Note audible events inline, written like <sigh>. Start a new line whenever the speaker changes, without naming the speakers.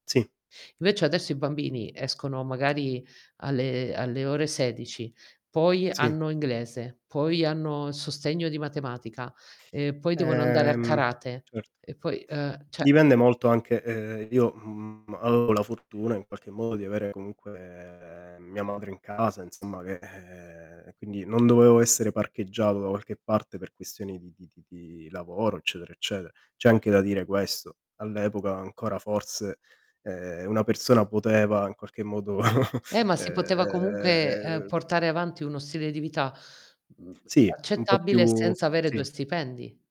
Sì.
Invece, adesso i bambini escono magari alle alle ore 16, poi,
Sì.
hanno inglese, poi hanno il sostegno di matematica, e poi devono andare a
Ehm,
karate,
certo.
e poi uhm, cioè
Dipende molto anche uhm, io, mhmm, avevo la fortuna, in qualche, modo di avere, comunque, mia madre in casa, insomma che ehm, e quindi, non dovevo essere parcheggiato da qualche parte per questioni di di di di lavoro, eccetera, ecceter c'è anche da dire questo, all'epoca ancora, forse, ehm, una persona poteva, in qualche modo, <chuckles>
Eh, ma si poteva comunque, uhm,
uhm
portare avanti uno stile di vita, mhmm,
Sì. Un po'
accettabile
più
senza avere 2
Sì.
stipendi.